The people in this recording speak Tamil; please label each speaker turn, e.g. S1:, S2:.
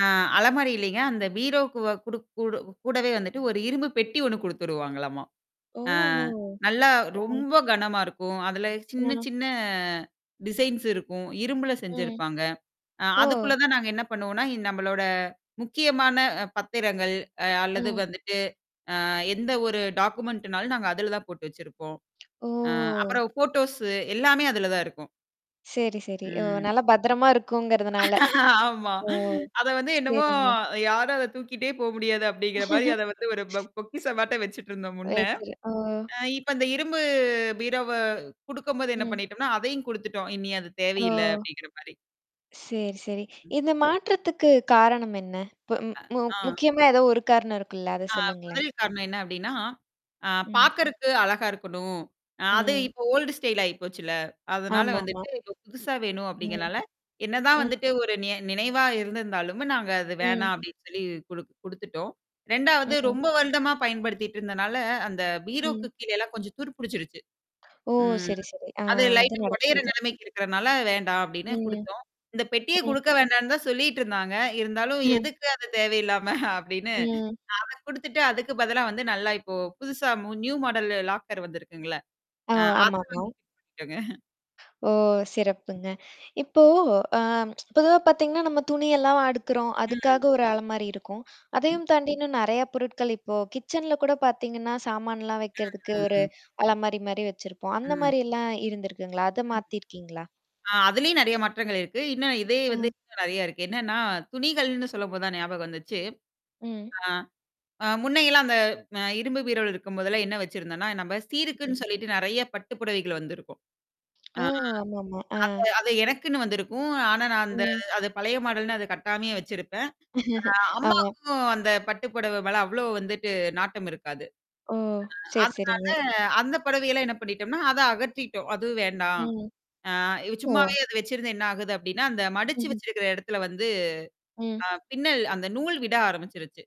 S1: ஆ அலமாரி இல்லீங்க. அந்த பீரோக்கு வ குடுக் கூடு கூடவே வந்துட்டு ஒரு இரும்பு பெட்டி ஒண்ணு குடுத்துருவாங்களம்மா. ஆ
S2: ஓஹோ!
S1: நல்லா
S2: ஓ!
S1: ரொம்ப கனமா இருக்கும். அதுல சின்ன
S2: ம்.
S1: சின்ன, டிசைன்ஸ் இருக்கும். இரும்பல
S2: ம்.
S1: செஞ்சருப்பாங்க. அ
S2: ஓ!
S1: அதுக்குள்ள தான் நாங்க என்ன பண்ணுவோம்னா, அ நம்மளோட முக்கியமான பத்திரங்கள் அ அல்லது
S2: ம்.
S1: வந்துட்டு அ எந்த ஒரு டாக்குமெண்ட்னாலும் நாங்க அதுல தான் போட்டு வச்சிருப்போம். அ
S2: ஓ!
S1: அப்புறம் ஃபோட்டோஸு எல்லாமே அதுல தான் இருக்கும்.
S2: சரி, சரி. ஓ!
S1: ம்.
S2: நல்ல பத்திரமா இருக்குங்கிறதுனால.
S1: ஆமா.
S2: ஓ!
S1: அத வந்து என்னமோ
S2: சரிங்க.
S1: யாரும் அத தூக்கிட்டே போ முடியாது அப்டிங்கிற மாரி அத வந்து ஒரு பொ பொக்கிஷமாட்டோம் வச்சுட்டுருந்தோம் முன்ன.
S2: [unintelligible] ஓ!
S1: அ இப்ப அந்த இரும்பு பீரவ குடுக்கும்போது என்ன
S2: ம்.
S1: பண்ணிட்டோம்னா, அதையும் குடுத்துட்டோம். இனிய அது
S2: ஓ!
S1: தேவையில்ல்ல அப்டிங்கிற மாரி.
S2: சரி, சரி.
S1: ம்.
S2: இந்த மாற்றத்துக்கு காரணம் என்ன? இப்ப
S1: அ,
S2: மு
S1: ஆ.
S2: முக்கியமா ஏதோ ஒரு காரணம் இருக்குல்ல? அத
S1: அ
S2: சொல்லுங்களேன்?
S1: முதல் காரணம் என்ன அப்டின்னா, அ
S2: ம்.
S1: பார்கறக்கு அழகா இருக்கணும். அ அது
S2: ம்.
S1: இப்ப ஓல்ட் ஸ்டைல் ஆயிப்போச்சுல்ல. அதனால
S2: ஆமாமா.
S1: வந்துட்டு இப்ப புதுசா வேணும்
S2: ம்.
S1: அப்டிங்கனால, என்னதான்
S2: ம்.
S1: வந்துட்டு ஒரு ந நினைவா இருந்திருந்தாலும நாங்க அது
S2: ம்.
S1: வேணாம் அப்டின்னு சொல்லி குடுக் குடுத்துட்டோம். 2வது
S2: ம்.
S1: ரொம்ப வருடமா பயன்படுத்திட்டு இருந்தனால, அந்த பீரோக்கு
S2: ம்.
S1: கீழேல்லாம் கொஞ்சம் துரு புடிச்சுருச்சு.
S2: ஓ!
S1: ம்.
S2: சரி, சரி. ஆ
S1: அது
S2: அது
S1: லைட்டா உடையற
S2: நடக்கறது.
S1: நிலைமைக்கு இருக்கிறனால வேண்டாம் அப்டின்னு
S2: ம்.
S1: குடுத்தோம். இந்த பெட்டிய
S2: ம்.
S1: குடுக்க வேண்டான்னு தான் சொல்லிட்டு இருந்தாங்க. இருந்தாலும்
S2: ம்.
S1: எதுக்கு அது தேவையில்லாம அப்டின்னு,
S2: ம்.
S1: அத குடுத்துட்டு அதுக்கு பதிலா வந்து நல்லா இப்போ புதுசா நியூ மாடல் லாக்கர் வந்திருக்குங்கள,
S2: ஆ
S1: அ அத
S2: ஆமாமா.
S1: [unintelligible]
S2: ஓ! சிறப்புங்க. இப்போ அ பொதுவா பார்த்தீங்கன்னா, நம்ம துணியெல்லாம் அடுக்குறோம்.
S1: ம்.
S2: அதுக்காக ஒரு அலமாரி இருக்கும். அதையும் தாண்டி இன்னும் நறைய பொருட்கள் இப்போ கிச்சன்ல கூட பார்த்தீங்கன்னா, சாமானான்லாம் வைக்கிறதுக்கு ஒரு
S1: ம்ஹ்ம்.
S2: அலமாரி மாரி வச்சிருப்போம். அந்த
S1: ம்.
S2: மாரியல்லாம் இருந்திருக்குங்களா? அத
S1: ம்.
S2: மாத்தியிருக்கீங்களா?
S1: ஆ அதுலேயும் நெறைய மாற்றங்கள் இருக்கு. இன்னும் இதே வந்து
S2: அ.
S1: இன்னும் நறைய இருக்கு. என்னன்னா துணிகள்னு சொல்லும்போ தான் ஞாபகம் வந்துச்சு.
S2: ம்.
S1: ஆ. அ முன்னையெல்லாம் அந்த அ இரும்பு பீரோல் இருக்கும்போதெல்லாம் என்ன வச்சிருந்தோன்னா, நம்ம
S2: ம்.
S1: சீருக்குன்னு சொல்லிட்டு நெறைய பட்டு புடவைகள் வந்திருக்கும்.
S2: ஓ!
S1: ஆ.
S2: ஆமாமா. ஆ.
S1: அத அது எனக்குன்னு வந்திருக்கும். ஆனா நான் அந்த
S2: ம்.
S1: அது பழைய மாடல்ன்னு அ கட்டாமையா வச்சிருப்பேன். அ
S2: ஆமா.
S1: அம்மாக்கும் அந்த பட்டு புடவ மல அவ்வளோ வந்துட்டு நாட்டம் இருக்காது.
S2: ஓ!
S1: ஆ
S2: சரி,
S1: அதனால
S2: சரிங்க.
S1: அந்த புடவையெல்லாம் என்ன பண்ணிட்டோம்னா, அத அகற்றிட்டோம். அதுவும் வேண்டாம்.
S2: ம்.
S1: ஆ
S2: ஓ!
S1: சும்மாவே அ வச்சிருந்து என்ன ஆகுது அப்டின்னா, அந்த மடிச்சு
S2: ம்ஹ்ம்.
S1: வச்சிருக்கிற இடத்துல வந்து, அ
S2: ம்.
S1: பின்னல் அந்த நூல் விட ஆரம்பிச்சருச்சு.